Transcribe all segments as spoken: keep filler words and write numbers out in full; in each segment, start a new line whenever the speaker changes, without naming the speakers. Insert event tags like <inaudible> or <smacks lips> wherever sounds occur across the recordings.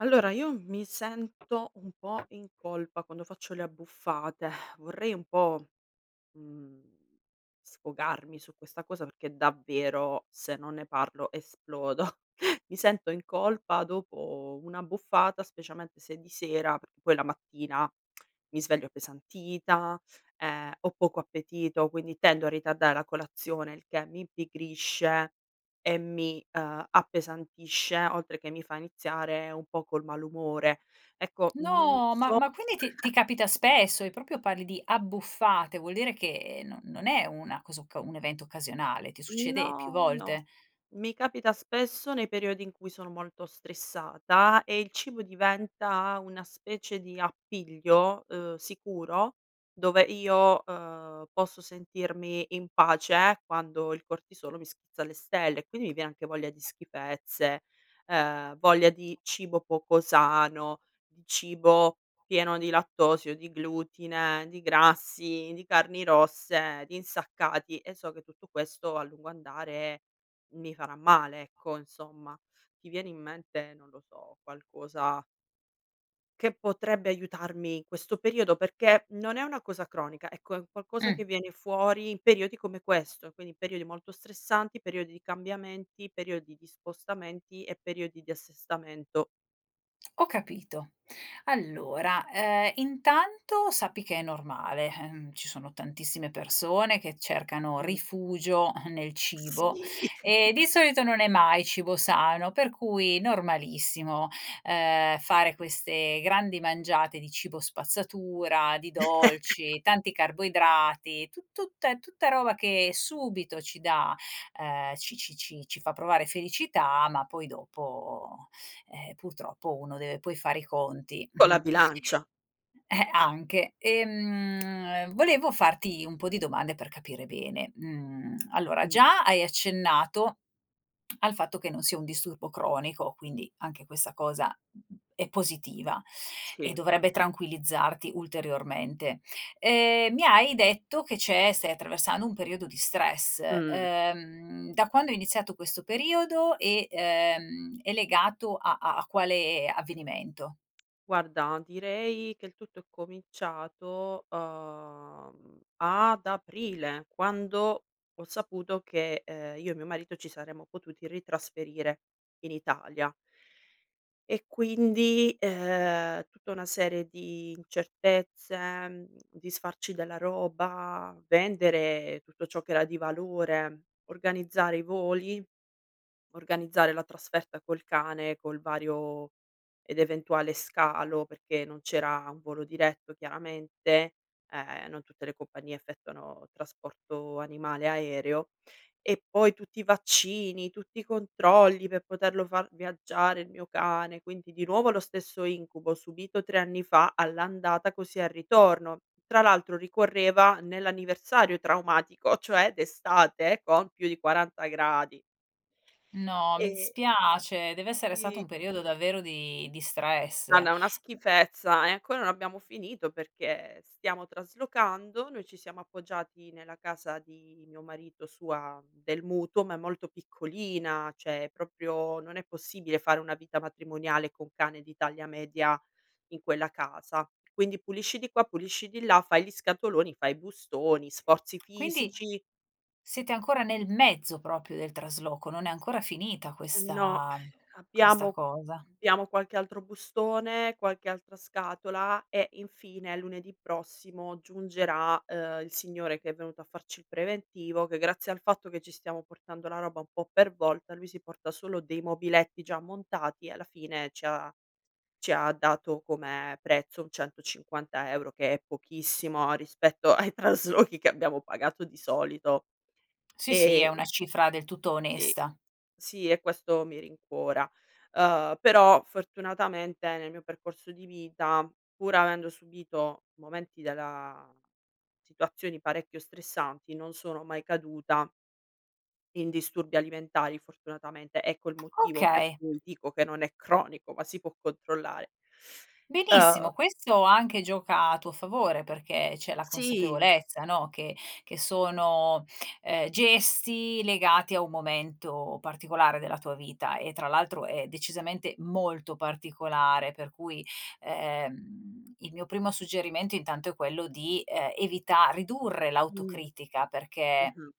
Allora, io mi sento un po' in colpa quando faccio le abbuffate. <exhales> Vorrei un po', mhmm, sfogarmi su questa cosa, perché davvero se non ne parlo, esplodo. <chuckles> Mi sento in colpa dopo un'abbuffata, specialmente se di sera, p poi la mattina <smacks lips> mi sveglio appesantita, ehm, ho poco appetito, quindi tendo a ritardare la colazione, il che mi impigrisce e mi, ehm, appesantisce, oltre che mi fa iniziare un po' col malumore. Ecco, non
No, ma
so
ma quindi ti ti
<chuckles>
capita spesso e proprio parli di abbuffate, vuol dire che non non è una cosa occa un evento occasionale, ti
Mhmm
succede più
no, no.
volte.
Mi capita spesso nei periodi in cui sono molto stressata e il cibo diventa una specie di appiglio, ehm, sicuro dove io, ehm, posso sentirmi in pace quando il cortisolo mi schizza alle stelle e quindi mi viene anche voglia di schifezze, ehm, voglia di cibo poco sano, di cibo pieno di lattosio, di glutine, di grassi, di carni rosse, di insaccati, e so che tutto questo a lungo andare mi farà male, ecco, insomma. Ti viene in mente, non lo so, qualcosa che potrebbe aiutarmi in questo periodo? Perché non è una cosa cronica, ecco, è un qualcosa
Mh.
che viene fuori in periodi come questo, quindi periodi molto stressanti, periodi di cambiamenti, periodi di spostamenti e periodi di assestamento.
<smacks lips> Ho capito. Allora, ehm, intanto sappi che è normale, ehm, ci sono tantissime persone che cercano
Mh.
rifugio <chuckles> nel cibo.
Sì!
E
<giggles>
di solito non è mai cibo sano, per cui normalissimo, ehm, fare queste grandi mangiate di cibo spazzatura, di
<laughs>
dolci, tanti carboidrati, tu tutta è tutta roba che subito ci dà, ehm, ci ci ci ci fa provare felicità, ma poi dopo, ehm, purtroppo uno deve poi fare i conti
Con la
<chuckles>
bilancia.
eh, anche. E, mhmm, <smacks lips> volevo farti un po' di domande per capire bene, mhmm <smacks lips> allora,
Mh.
già hai accennato <smacks lips> al fatto che non sia un disturbo cronico, quindi anche questa cosa è positiva, e
Sì.
dovrebbe tranquillizzarti ulteriormente. Ehm, mi hai detto che c'è stai attraversando un periodo di stress,
Mh.
ehm, da quando è iniziato questo periodo e, ehm, è legato a a a quale avvenimento?
Guarda, direi che il tutto è cominciato, uhm, ad aprile, quando ho saputo che, ehm, io e mio marito ci saremmo potuti ritrasferire in Italia. E quindi, ehm, tutta una serie di incertezze, mhmm, disfarci della roba, vendere tutto ciò che era di valore, organizzare i voli, organizzare la trasferta col cane, col vario ed eventuale scalo, perché non c'era un volo diretto, chiaramente, ehm, non tutte le compagnie effettuano trasporto animale aereo, e poi tutti i vaccini, tutti i controlli, per poterlo far viaggiare il mio cane, quindi di nuovo lo stesso incubo, subito tre anni fa, all'andata, così al ritorno. Tra l'altro ricorreva nell'anniversario traumatico, cioè d'estate con più di quaranta gradi.
No, mi
E
dispiace! Dev'essere stato
Sì.
un periodo davvero di di stress.
Guarda, una schifezza. E ancora non abbiamo finito, perché stiamo traslocando. Noi ci siamo appoggiati nella casa di mio marito, sua del mutuo, ma è molto piccolina, cioè è propio non è possibile fare una vita matrimoniale, con cane di taglia media, in quella casa. Quindi, pulisci di qua, pulisci di là, fai gli scatoloni, fai i bustoni, sforzi
Quindi
fisici
siete ancora nel mezzo, propio, del trasloco, non è ancora finita
No,
questa
<sighs>
questa
abbiamo
cosa.
biamo qualche altro bustone, qualche altra scatola e, infine, lunedì prossimo, giungerà, ehm, il signore che è venuto a farci il preventivo, che grazie al fatto che ci stiamo portando la roba un po' per volta, lui si porta solo dei mobiletti già montati, e alla fine ci ha ci ha dato, come prezzo, un centocinquanta euro, che è pochissimo rispetto ai traslochi che abbiamo pagato di solito,
Sì, sì, è una
e
cifra del tutto
Sì.
onesta.
Sì, e questo mi rincuora, ehm, però, fortunatamente, nel mio percorso di vita, pur avendo subito momenti della situazioni parecchio stressanti non sono mai caduta in disturbi alimentari, fortunatamente. Ecco il motivo per
Okay.
cui dico che non è cronico, ma si può controllare. Ehm
Benissimo, questo anche gioca a tuo favore, perché c'è la
Sì!
consapevolezza no, che che sono, ehm, gesti legati a un momento particolare della tua vita, e tra l'altro è decisamente molto particolare. Per cui, ehm, il mio primo suggerimento, intanto, è quello di, ehm, evita ridurre
Mh.
l'autocritica, perché
Mh-mh.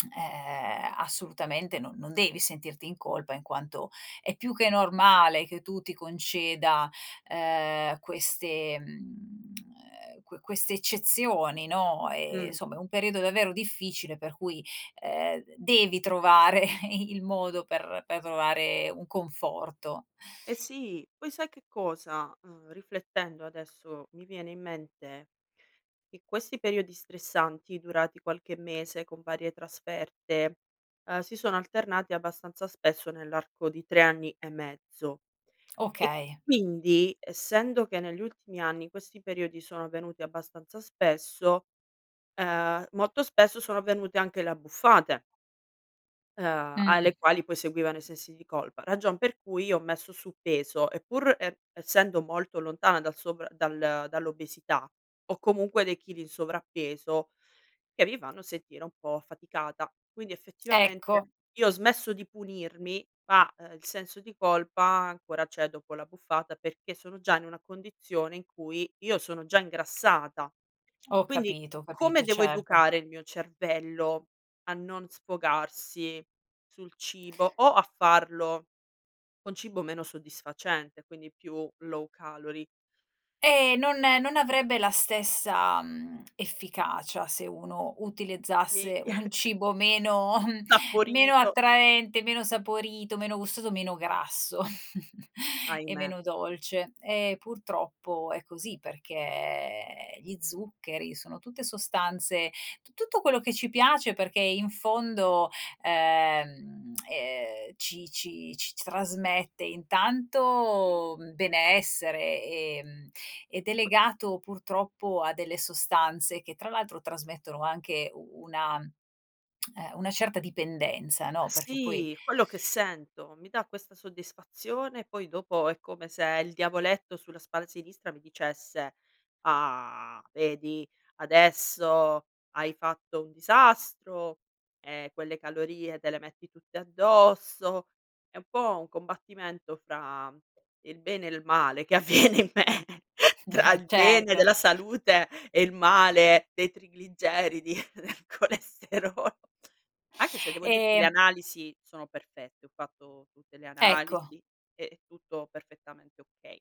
<smacks lips> ehm, assolutamente no non devi sentirti in colpa, in quanto è più che normale che tu ti conceda, ehm, queste, mhmm, <clicks tongue> ehm, que queste eccezioni, no? E,
Mh.
insomma, è un periodo davvero difficile, per cui, ehm, devi trovare i il modo per per trovare un conforto.
Eh sì! Poi sai che cosa? Mhmm, riflettendo, adesso mi viene in mente che questi periodi stressanti, durati qualche mese, con varie trasferte, ehm, si sono alternati abbastanza spesso nell'arco di tre anni e mezzo. E
Okay.
quindi, essendo che negli ultimi anni questi periodi sono venuti abbastanza spesso, ehm, molto spesso sono venute anche le abbuffate ehm, alle
Mh.
quali poi seguivano i sensi di colpa, ragion per cui ho messo su peso, e pur e essendo molto lontana dal sovra dal dall'obesità, ho comunque dei chili in sovrappeso, che mi fanno sentire un po' affaticata. Quindi, effettivamente,
Ecco.
io ho smesso di punirmi, ma, ehm, il senso di colpa ancora c'è dopo l'abbuffata, perché sono già in una condizione in cui io sono già ingrassata.
Ho
Quindi,
capito, ho
come
capito,
devo
certo.
educare il mio cervello a non sfogarsi sul cibo, o a farlo con cibo meno soddisfacente, quindi più low calory?
Eh non non avrebbe la stessa, mhmm, efficacia se uno
Sì.
utilizzasse un
<chuckles>
cibo meno <chuckles> meno
sapporito!
attraente, meno saporito, meno gustoso, meno grasso. <chuckles> E
Ahimè!
meno dolce. E purtroppo è così, perché gli zuccheri sono tutte sostanze t tutto quello che ci piace, perché in fondo, ehm, <smacks lips> ehm, ci ci ci s trasmette
Sì.
intanto benessere, ehm, ed è legato purtroppo a delle sostanze che, tra l'altro, trasmettono anche u una <smacks lips> ehm, una certa dipendenza, no? Perché poi
Sì! Quello che sento. Mi da questa soddisfazione; poi dopo, è come se il diavoletto sulla spalla sinistra mi dicesse: "Ah! Vedi, adesso hai fatto un disastro! E quelle calorie te le metti tutte addosso." È un po' un combattimento fra il bene e il male, che avviene in me <chuckles> tra
<chuckles> Eh
il bene
certo.
della salute e il male dei trigligeridi <chuckles> del colesterolo. Anche se devo dirti, le
E
analisi sono perfette, ho fatto tutte le
Ecco.
analisi e tutto perfettamente okay.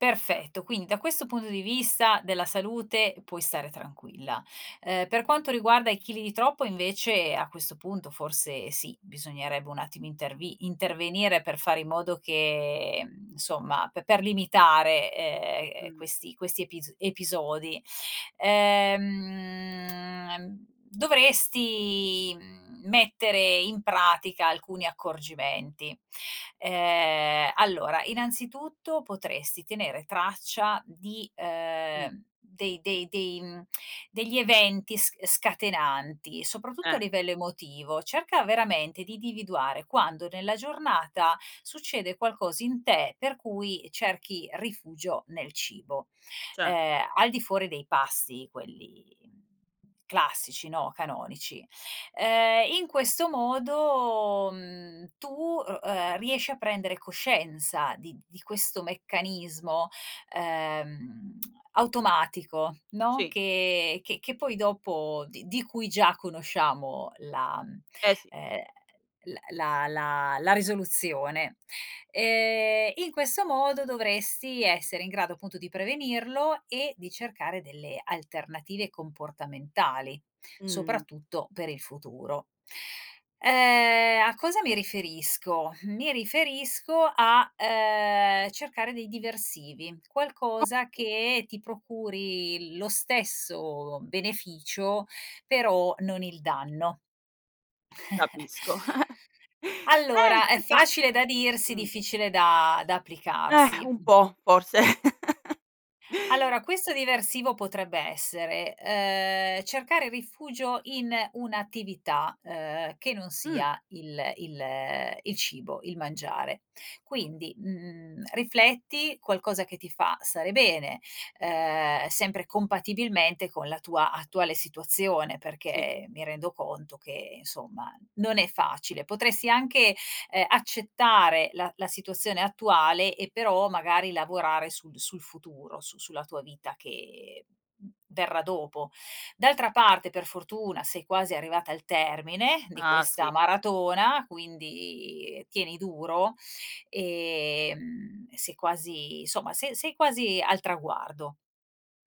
Perfetto,
<unintelligible>
quindi da questo punto di vista, della salute, puoi stare tranquilla. Ehm, per quanto riguarda i chili di troppo, invece, a questo punto forse sì, bisognerebbe un attimo intervi intervenire per fare in modo che, insomma, p per limitare, ehm,
Mh.
questi questi epis episodi. Ehm, ehm dovresti, mhmm, mettere in pratica alcuni accorgimenti. Ehm, allora, innanzitutto potresti tenere traccia di,
Mh.
ehm dei dei dei mhmm <smacks lips> degli eventi s scatenanti, soprattutto a
Eh.
livello emotivo. Cerca veramente di dividuare quando, nella giornata, succede qualcosa in te, per cui cerchi rifugio nel cibo.
Ce
Ehm, al di fuori dei pasti, quelli, mhmm, classici, no, canonici. Ehm,
Mh.
in questo modo, mhmm, tu u ehm, riesci a prendere coscienza di di questo meccanismo, ehm, <smacks lips> automatico, no,
Sì.
che che che poi dopo d di cui già conosciamo la,
Eh, sì.
ehm, l la la la risoluzione. Ehm, in questo modo dovresti essere in grado, appunto, di prevenirlo e di cercare delle alternative comportamentali,
Mh.
soprattutto per il futuro. Ehm, a cosa mi riferisco? Mi riferisco a, ehm, cercare dei diversivi, qualcosa
O
che ti procuri lo stesso beneficio, però non il danno. <chuckles>
Capisco. <giggles>
Allora, è
Senti, ma
facile da dirsi,
mh.
difficile da da
Eh,
applicarsi.
un
Mh.
po' forse. <chuckles>
Allora, questo diversivo potrebbe essere: ehm, cercare rifugio in un'attività, ehm, che non
Mh.
sia il il il cibo, il mangiare. Quindi, mhmm, rifletti qualcosa che ti fa stare bene. Ehm, sempre compatibilmente con la tua attuale situazione,
Sì.
perché mi rendo conto che, insomma, non è facile. Potresti anche, ehm, accettare la la situazione attuale e però, magari, lavorare sul sul futuro su sulla tua
Sì.
vita che verrà dopo. D'altra parte, per fortuna, sei quasi arrivata al termine di
Ah, sì!
questa maratona, quindi tieni duro, ehm, e sei quasi insomma se sei quasi al traguardo.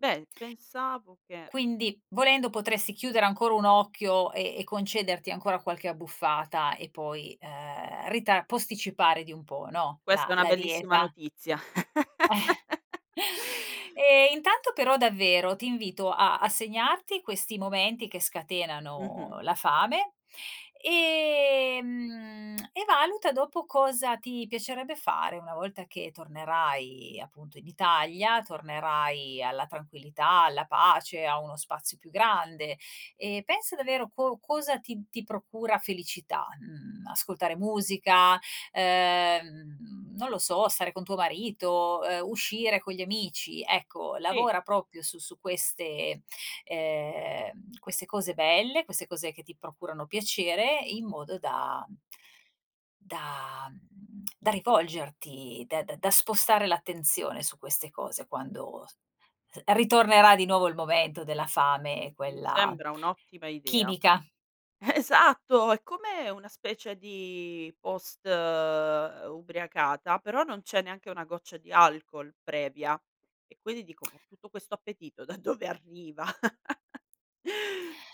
Beh, pensavo che
Quindi, volendo, potresti chiudere ancora un occhio e e concederti ancora qualche abbuffata, e poi, ehm, rita posticipare di un po', no, la
Questa è una
la
bellissima
dieta.
notizia.
<chuckles>
<laughs>
E intanto però, davvero ti invito a a segnarti questi momenti che
Mh-mh.
scatenano la fame, ehm, <clicks tongue> e valuta dopo cosa ti piacerebbe fare, una volta che tornerai appunto in Italia, tornerai alla tranquillità, alla pace, a uno spazio più grande, e pensa davvero co cosa ti ti procura felicità? Mhmm, ascoltare musica, ehm, mhmm, non lo so, stare con tuo marito, ehm, uscire con gli amici. Ecco,
Sì.
lavora propio su su queste, ehm, queste cose belle, queste cose che ti procurano piacere, in modo da da <smacks lips> da rivolgerti, d da da spostare l'attenzione su queste cose, quando s ritornerà di nuovo il momento della fame,
Mi
quella
sembra un'ottima idea.
chimica.
Esatto! È come una specie di post ubriacata, però non c'è neanche una goccia di alcol, previa. E quindi dico: "Ma
<smacks lips>
tutto questo appetito da dove arriva? <laughs>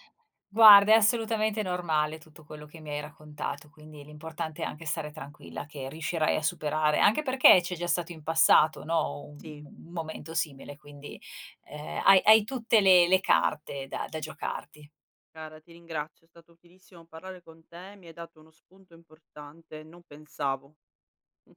Guarda, è assolutamente normale tutto quello che mi hai raccontato, quindi l'importante è anche stare tranquilla, che riuscirai a superare anche perché c'è già stato in passato, no, un
Sì.
m un momento simile quindi, ehm, hai hai tutte le le carte da da giocarti.
Cara, ti ringrazio, è stato utilissimo parlare con te, mi hai dato uno spunto importante, non pensavo. Mh.